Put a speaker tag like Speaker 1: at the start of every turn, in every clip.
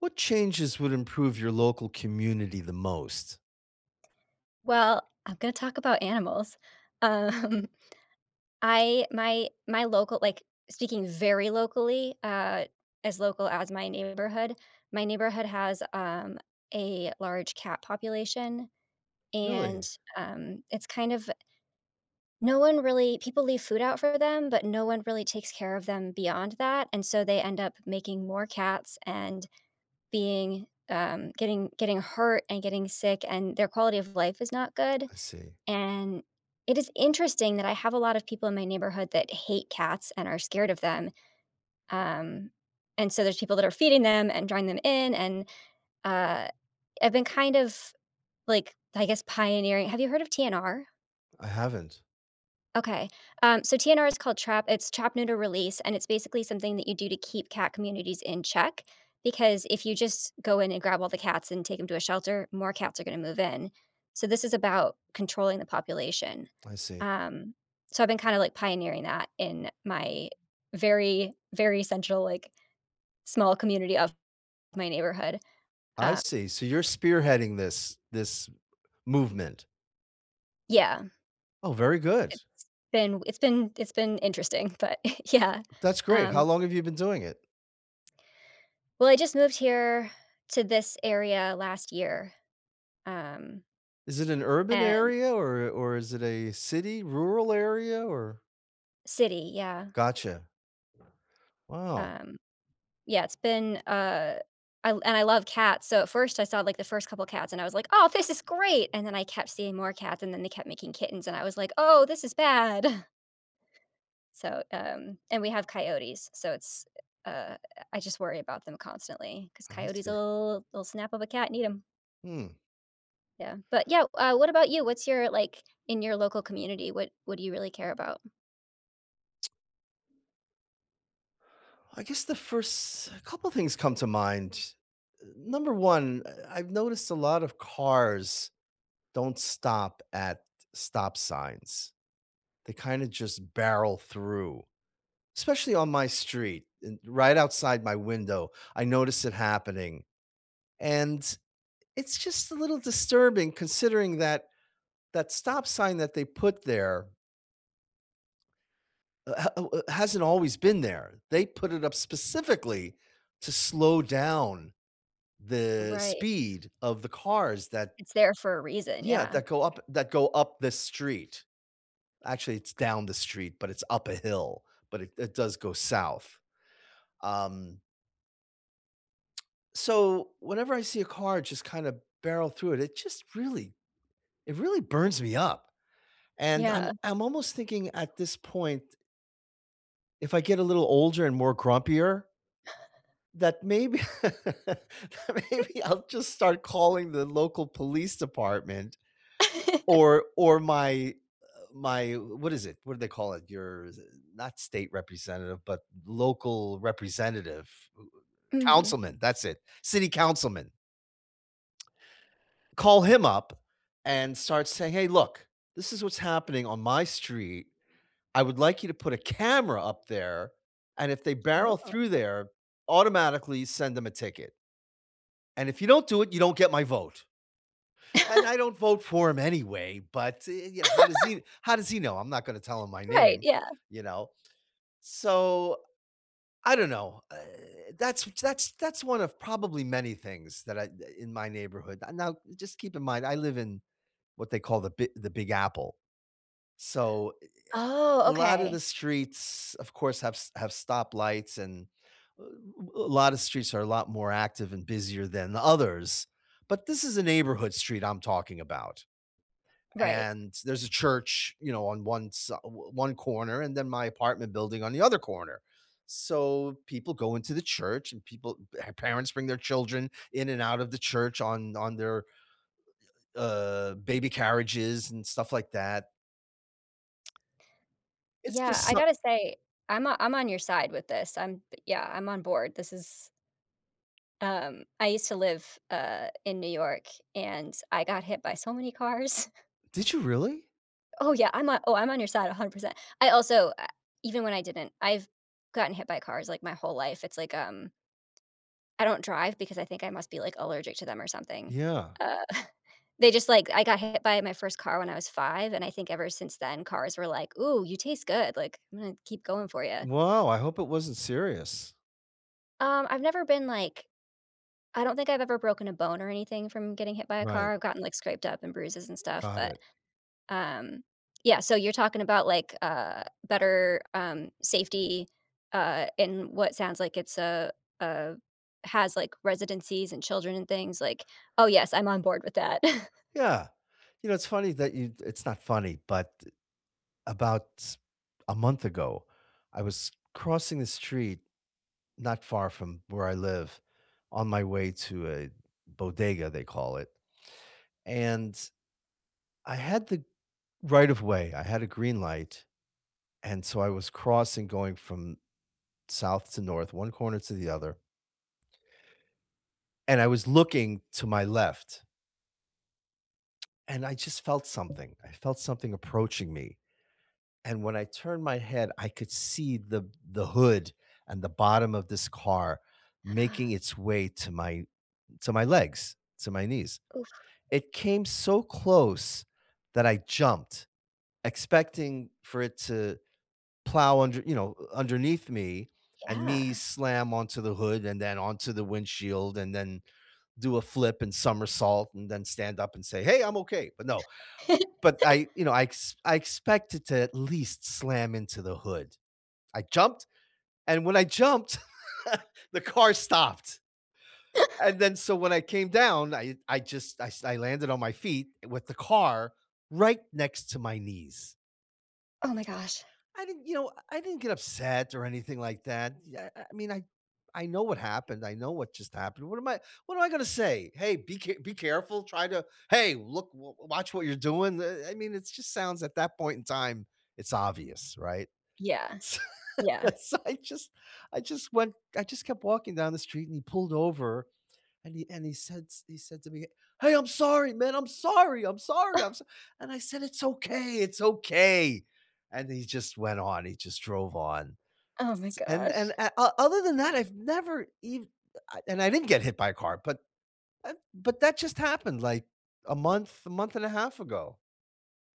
Speaker 1: What changes would improve your local community the most?
Speaker 2: Well, I'm gonna talk about animals. Um, I my my loca like, speaking very locally- uh, as local as my neighborhood- my neighborhood has, um, a large cat population, and,
Speaker 1: Really?
Speaker 2: um, it's kind of no one really people leave food out for them, but no one really takes care of them beyond that, and so, they end up making more cats and being, um, getting getting hurt and getting sick, and their quality of life is not good.
Speaker 1: I see.
Speaker 2: And it is interesting that I have a lot of people in my neighborhood that hate cats and are scared of them. Um, and so, there's people that are feeding them and drawing them in, and, uh, I've been kind of, like, I guess, pioneering Have you heard of TNR?
Speaker 1: I haven't.
Speaker 2: Okay. Um, so, TNR is called trap it's trap, neuter, release, and it's basically something that you do to keep cat communities in check. Because if you just go in and grab all the cats and take 'em to a shelter, more cats are gonna move in. So, this is about controlling the population.
Speaker 1: I see.
Speaker 2: Um, so, I've been kinda, like, pioneering that in my very, very central, like, small community of my neighborhood,
Speaker 1: I
Speaker 2: uh
Speaker 1: see. So, you're spearheading this this movement.
Speaker 2: Yeah.
Speaker 1: Oh, very good.
Speaker 2: It's been it's been it's been interesting but yeah.
Speaker 1: That's great, how
Speaker 2: Um
Speaker 1: long have you been doing it?
Speaker 2: Well, I just moved here to this area last year, um
Speaker 1: Is it an urban
Speaker 2: and
Speaker 1: area, or or is it a city, rural area? Or
Speaker 2: City, yeah.
Speaker 1: Gotcha. Wow.
Speaker 2: Um yeah, it's been, uh I and I love cats so at first I saw, like, the first couple cats and I was like, "Aw, this is great," and then I kept seeing more cats and then they kept making kittens and I was like, "Oh, this is bad." So, um and we have coyotes so it's, uh I just worry about them constantly, 'cause
Speaker 1: I see.
Speaker 2: coyotes'll they'll snap up a cat and eat 'em.
Speaker 1: Mm.
Speaker 2: Yeah, but yeah, uh, what about you? What's your like, in your local community, what what do you really care about?
Speaker 1: I guess the first couple things come to mind, eh, number 1, eh, I've noticed a lot of cars don't stop at stop signs, they kinda just barrel through- especially on my street, and right outside my window, I notice it happening- and it's just a little disturbing considering that that stop sign that they put there eh, h eh, eh, it hasn't always been there, they put it up specifically to slow down the
Speaker 2: Right.
Speaker 1: speed of the cars that
Speaker 2: It's there for a reason,
Speaker 1: Yeah,
Speaker 2: yeah.
Speaker 1: that go up that go up the street- actually, it's down the street, but it's up a hill, but it it does go south. Um So, whenever I see a car just kinda barrel through it, it just really it really burns me up, and I'm
Speaker 2: Yeah.
Speaker 1: I'm almost thinking at this point if I get a little older and more grumpier that mayb maybe I'll just start calling the local police department or or my, uh my w what is it? What do they call it? Your s uh, not state representative, but local representative
Speaker 2: Mhm.
Speaker 1: councilman. That's it, city councilman. Call him up and start saying, "Hey, look, this is what's happening on my street. I would like you to put a camera up there, and if they barrel
Speaker 2: Oh.
Speaker 1: through there, automatically send them a ticket." "And if you don't do it, you don't get my vote." And I don't vote for him anyway, but, eh, you how does he how does he know? I'm not gonna tell him my
Speaker 2: Right,
Speaker 1: name,
Speaker 2: yeah.
Speaker 1: you know? So, I don't know, eh, that's w that's that's one of probably many things that I eh, in my neighborhood. N now just keep in mind, I live in what they call the Bi the Big Apple. So, eh eh
Speaker 2: Oh,
Speaker 1: eh, a lotta
Speaker 2: okay.
Speaker 1: the streets, of course, have s have stoplights, and a a lotta streets are a lot more active and busier than the others, but this is a neighborhood street I'm talking about,
Speaker 2: Right.
Speaker 1: and there's a church, you know, on one si o o one corner and then my apartment building on the other corner. So, people go into the church and people eh, parents bring their children in and out of the church on on their, uh, baby carriages and stuff like that It's
Speaker 2: Yeah,
Speaker 1: just
Speaker 2: I
Speaker 1: so
Speaker 2: gotta say, I’m o I’m on your side with this. I’m yeah, I’m on board. This is um, I used to live, uh, in New York, and I got hit by so many cars.
Speaker 1: Did you really?
Speaker 2: Oh, yeah. I’m on oh, I’m on your side 100%. I also, uh, even when I didn’t I’ve gotten hit by, uh, cars, like, my whole life. It’s like, um I don’t drive because I think I must be, like, allergic to them or something.
Speaker 1: Yeah.
Speaker 2: Uh, they just like I got hit by my 1st car when I was 5, and I think ever since then, cars were like, "Ooh, you taste good. Like, I’m gonna keep going for ya."
Speaker 1: Wow, I hope it wasn't serious.
Speaker 2: Um, I’ve never been, like I don’t think I’ve ever broken a bone or anything from getting hit by a car,
Speaker 1: Right.
Speaker 2: I’ve gotten, like, scraped up and bruises and stuff.
Speaker 1: Got
Speaker 2: But,
Speaker 1: it.
Speaker 2: um Yeah, so you’re talking about, like, uh, better, um, safety, uh, in what sounds like it’s a a has, like, residencies and children and things, like, oh, yes I’m on board with that.
Speaker 1: Yeah. You know, it’s funny that you it’s not funny, but about a month ago, I was crossing the street not far from where I live on my way to a bodega, they call it. And I had the right of way, I had a green light, and so I was crossing going from south to north, one corner to the other and I was looking to my left and I just felt something I felt something approaching me. And when I turned my head, I could see the the hood and the bottom of this car making its way to my to my legs, to my knees.
Speaker 2: Ooh.
Speaker 1: It came so close that I jumped expecting for it to plow under you know, underneath me and me
Speaker 2: Yeah.
Speaker 1: slam onto the hood and then onto the windshield and then do a flip and somersault and then stand up and say, "Hey, I’m okay," but no. But I you know, I ex I expected to at least slam into the hood. I jumped, and when I jumped, the car stopped. And, then so when I came down, I I just I s I landed on my feet with the car right next to my knees.
Speaker 2: Oh my gosh.
Speaker 1: I didn't, you know, I didn't get upset or anything like that. Yeah, eh, I mean, I I know what happened, I know what just happened, what am I what am I gonna say? "Hey. Be ca be careful. Try to Hey! Look, w watch what you're doing." Eh eh I mean, it just sounds, at that point in time it's obvious, right?
Speaker 2: Yeah.
Speaker 1: S
Speaker 2: Yeah.
Speaker 1: So, I just I just went I just kept walking down the street and he pulled over and he and he said s he said to me, "Hey, I'm sorry, man. I'm sorry, I'm sorry,
Speaker 2: Oh.
Speaker 1: I'm so" And, I said, "It's okay, it's okay!" And he just went on. He just drove on.
Speaker 2: Oh my
Speaker 1: S and and
Speaker 2: gosh.
Speaker 1: a o other than that, I've never ev uh I and I didn't get hit by a car, but, eh but that just happened, like, a month a month and a half ago.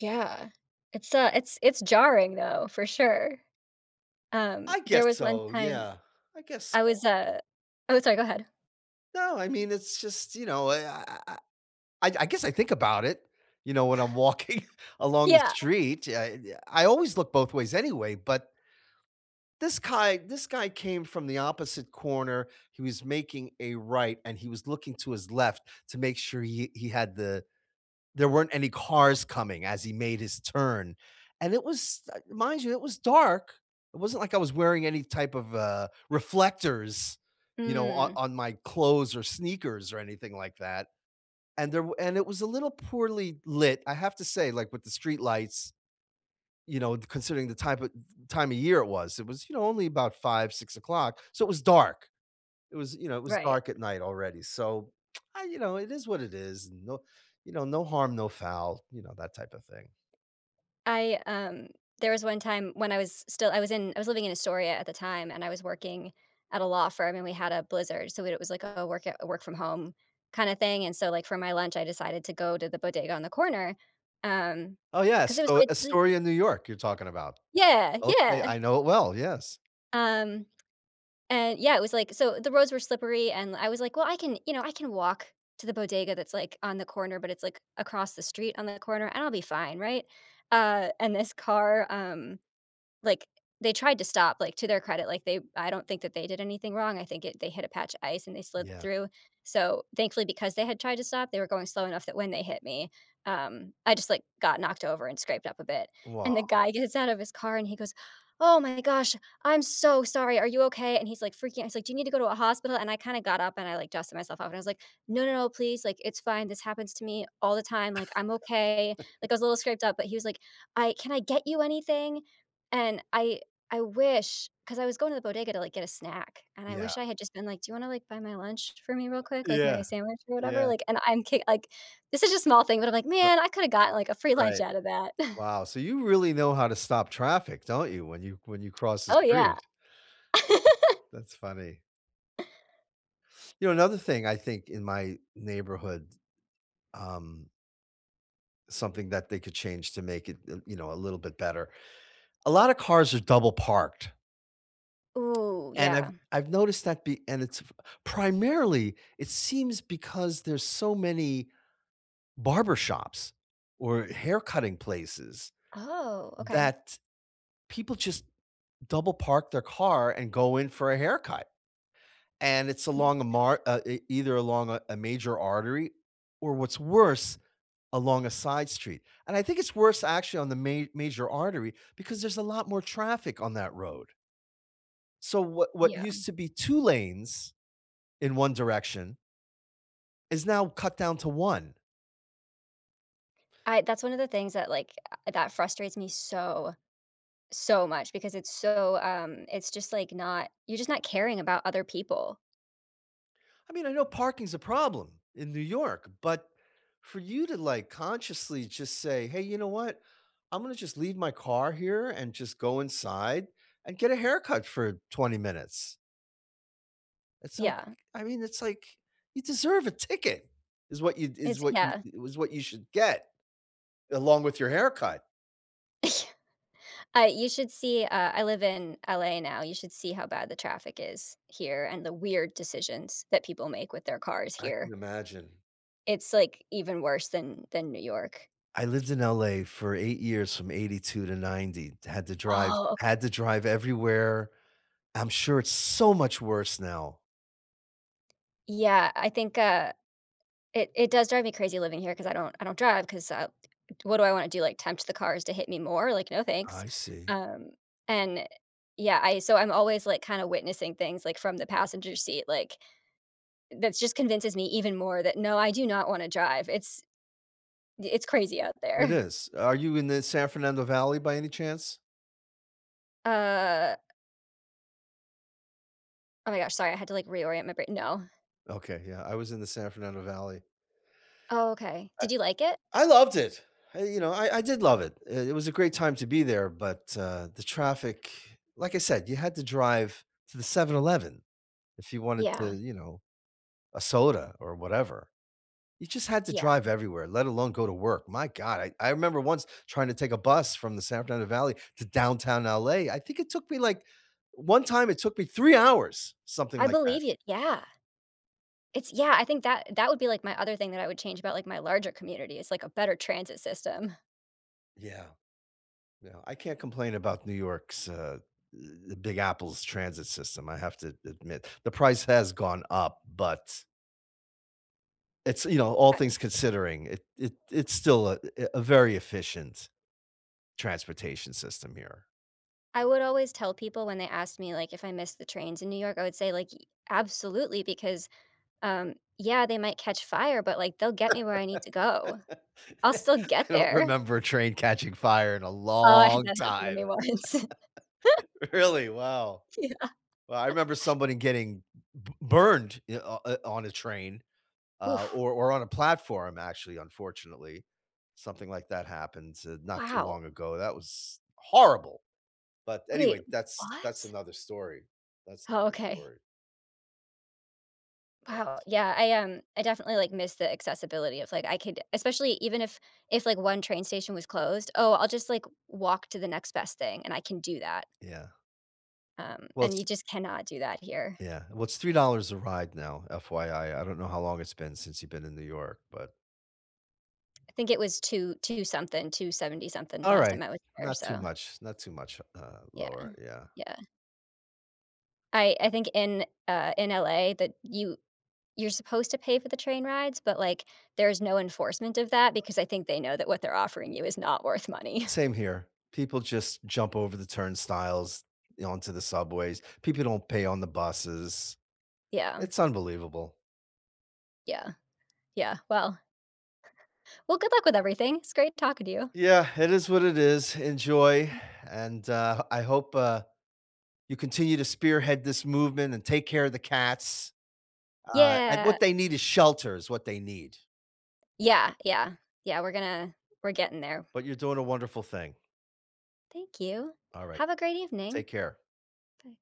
Speaker 2: Yeah. It's, uh, it's it's jarring, though, for sure. Um,
Speaker 1: I
Speaker 2: there
Speaker 1: guess
Speaker 2: was one
Speaker 1: so.
Speaker 2: time
Speaker 1: Yeah. I guess
Speaker 2: I was,
Speaker 1: so.
Speaker 2: uh Oh, sorry, go ahead.
Speaker 1: No. I mean, it's just you know, eh, I I I I I guess I think about it, you know, when I'm walking along the
Speaker 2: Yeah.
Speaker 1: street. I always look both ways anyway, but this guy this guy came from the opposite corner, he was making a right and he was looking to his left to make sure he he had the there weren't any cars coming as he made his turn- and it was, uh mind you, it was dark, it wasn't like I was wearing any type of, uh, reflectors, you know, o
Speaker 2: Mm.
Speaker 1: on my clothes or sneakers or anything like that- and there and it was a little poorly lit, I have to say, like, with the street lights you know, considering the type o th time of year it was; it was, you know, only about 5:00, 6:00 so it was dark- it was, you know, it was
Speaker 2: Right.
Speaker 1: dark at night already- so, uh, you know, it is what it is, and no you know, no harm, no foul, you know, that type of thing.
Speaker 2: I, um there was one time when I was s still I was in I was living in Astoria at the time, and I was working at a law firm, and we had a blizzard- so weird it was like a work at work-from-home-kinda thing- and so, like, for my lunch, I decided to go to the bodega on the corner, um,
Speaker 1: Oh,
Speaker 2: 'cause
Speaker 1: yes.
Speaker 2: it was
Speaker 1: So,
Speaker 2: quite le
Speaker 1: Astoria in New York, you're talking about.
Speaker 2: Yeah.
Speaker 1: Okay.
Speaker 2: Yeah.
Speaker 1: I know it well, yes.
Speaker 2: Um, and yeah, it was, like so the roads were slippery, and I was, like, "Well, I can, you know I can walk to the bodega, that's, like, on the corner, but it's, like, across the street on the corner, I'll be fine, right?" Uh, and this car, um, like they tried to stop, like, to their credit, like, they I don't think that they did anything wrong. I think it they hit a patch of ice and they slid
Speaker 1: Yeah.
Speaker 2: through. So, thankfully, because they had tried to stop, they were going slow enough that when they hit me, um, I just like, got knocked over and scraped up a bit. And the
Speaker 1: Wow.
Speaker 2: guy gets out of his car and he goes, "Oh my gosh. I'm so sorry. Are you okay?" And he's like, freaking he's like, "Do you need to go to a hospital?" And I kinda got up and I, like, dusted myself off, and I was like, "No, no, no, please, like, it's fine. This happens to me all the time. Like, I'm okay." Like, I was a little scraped up, but he was like, "I can I get you anything?" And I I wish 'cause I was going to the bodega to, like, get a snack and I
Speaker 1: Yeah.
Speaker 2: wish I had just been like, "Do you wanna, like, buy my lunch for me real quick? Like, my
Speaker 1: Yeah.
Speaker 2: sandwich or whatever?"
Speaker 1: Yeah.
Speaker 2: Like, and I'm k like, it's just a small thing, but I'm like,
Speaker 1: Ri
Speaker 2: "Man, I could've got, like, a free lunch
Speaker 1: Right.
Speaker 2: out of that."
Speaker 1: Wow, so you really know how to stop traffic, don't you? When you when you cross the
Speaker 2: Oh, yeah.
Speaker 1: street. Yeah, that's funny. You know, another thing I think in my neighborhood, um something that they could change to make it, uh, you know, a little bit better. A lotta cars are double-parked.
Speaker 2: Ooh,
Speaker 1: And I've
Speaker 2: yeah.
Speaker 1: I've noticed that the and it's f primarily, it seems because there's so many barber shops or hair cutting places
Speaker 2: Oh, okay.
Speaker 1: that people just double-park their car and go in for a haircut. And it's along a mar uh, e either along a a major artery or what's worse, along a side street. And I think it's worse, actually, on the ma major artery because there's a lot more traffic on that road. So what what
Speaker 2: Yeah.
Speaker 1: used to be 2 lanes in 1 direction is now cut down to 1.
Speaker 2: I that's one of the things that, like, uh, that frustrates me so so much because it's so, um it's just like not you're just not caring about other people.
Speaker 1: I mean, I know parking's a problem in New York, but for you to like consciously just say, "Hey, you know what? I'm gonna just leave my car here and just go inside and get a haircut for 20 minutes." It's like
Speaker 2: Yeah.
Speaker 1: I mean, it's like, "You deserve a ticket is what you is
Speaker 2: It's
Speaker 1: what you
Speaker 2: yeah.
Speaker 1: i w is what you should get, along with your haircut."
Speaker 2: I you should see uh, I live in LA now, you should see how bad the traffic is here and the weird decisions that people make with their cars
Speaker 1: I
Speaker 2: here.
Speaker 1: can imagine.
Speaker 2: It's, like, even worse than than New York.
Speaker 1: I lived in LA for 8 years from '82 to '90. I had to drive
Speaker 2: Oh, okay.
Speaker 1: had to drive everywhere. I'm sure it's so much worse now.
Speaker 2: Yeah, I think, uh, it it does drive me crazy living here 'cause I don't I don't drive 'cause, uh, what do I wanna do? Like, tempt the cars to hit me more? Like, "No, thanks."
Speaker 1: I see.
Speaker 2: Um, and yeah, I so I'm always, like, kinda witnessing things, like, from the passenger seat, like, that's just convinces me even more that, no, I do not wanna drive. It's it's crazy out there.
Speaker 1: It is, are you in the San Fernando Valley by any chance?
Speaker 2: Uh Oh, my gosh, sorry. I had to, like, reorient my br No.
Speaker 1: Okay, yeah, I was in the San Fernando Valley.
Speaker 2: Oh, okay.
Speaker 1: I
Speaker 2: Did you like it?
Speaker 1: I loved it. You know, I I did love it, i it was a great time to be there but, uh, the traffic, like I said, you had to drive to the 7-Eleven, if you wanted to,
Speaker 2: Yeah.
Speaker 1: you know a soda or whatever. You just had to
Speaker 2: Yeah.
Speaker 1: drive everywhere, let alone go to work; my god, I I remember once trying to take a bus from the San Fernando Valley to Downtown LA, I think it took me like one time it took me 3 hours, something
Speaker 2: I
Speaker 1: like that.
Speaker 2: believe it, yeah. It's yeah, I think that that would be, like, my other thing that I would change about, like, my larger community is, like, a better transit system.
Speaker 1: Yeah. Yeah, I can't complain about New York's, uh, eh, Big Apple's transit system, I have to admit The price has gone up, but it's, you know all
Speaker 2: I
Speaker 1: things
Speaker 2: yeah
Speaker 1: considering, it it it's still a eh a very efficient transportation system here.
Speaker 2: I would always tell people when they ask me, like, if I miss the trains in New York, I would say, like, "Y absolutely, because, um, yeah, they might catch fire, but, like, they'll get me where I need to go. I'll still get
Speaker 1: I don't
Speaker 2: there."
Speaker 1: remember a train catching fire in a
Speaker 2: Oh, I had
Speaker 1: long
Speaker 2: that happen to me
Speaker 1: time.
Speaker 2: once.
Speaker 1: Really? Wow.
Speaker 2: Yeah.
Speaker 1: Well, I remember somebody getting b b burned i on i on a train, uh,
Speaker 2: Oof.
Speaker 1: or or on a platform actually, unfortunately. Something like that happened, eh, not too
Speaker 2: Wow.
Speaker 1: long ago, that was horrible. But,
Speaker 2: Wait.
Speaker 1: anyway, that's that's
Speaker 2: What?
Speaker 1: another story. That's
Speaker 2: Oh,
Speaker 1: another
Speaker 2: okay.
Speaker 1: story.
Speaker 2: Wow, yeah, I, um I definitely, like, miss the accessibility of, like I could especially even if if, like, 1 train station was closed. "Oh, I'll just, like, walk to the next best thing," and I can do that.
Speaker 1: Yeah.
Speaker 2: Um,
Speaker 1: Well,
Speaker 2: and you
Speaker 1: s
Speaker 2: just cannot do that here.
Speaker 1: Yeah, well, it's $3.00 a ride now, FYI. I don't know how long it's been since you've been in New York, but
Speaker 2: I think it was two two something, two seventy something last
Speaker 1: Alright.
Speaker 2: time I was there,
Speaker 1: Not too
Speaker 2: so
Speaker 1: much not too much, uh,
Speaker 2: Yeah,
Speaker 1: lower, yeah.
Speaker 2: yeah. I I think in uh, in LA that you you're supposed to pay for the train rides, but, like, there's no enforcement of that because I think they know that what they're offering you is not worth money.
Speaker 1: Same here. People just jump over the turnstiles onto the subways. People don't pay on the buses.
Speaker 2: Yeah.
Speaker 1: It's unbelievable.
Speaker 2: Yeah, yeah. Well well, good luck with everything. It's great talking to you.
Speaker 1: Yeah, it is what it is. Enjoy and, uh, I hope, uh, you continue to spearhead this movement and take care of the cats. Uh, and
Speaker 2: Yeah.
Speaker 1: what they need is shelter is what they need.
Speaker 2: Yeah, yeah, yeah. We're gonna we're getting there.
Speaker 1: But you're doing a wonderful thing.
Speaker 2: Thank you.
Speaker 1: Alright.
Speaker 2: Have a great evening.
Speaker 1: Take care.
Speaker 2: Bye.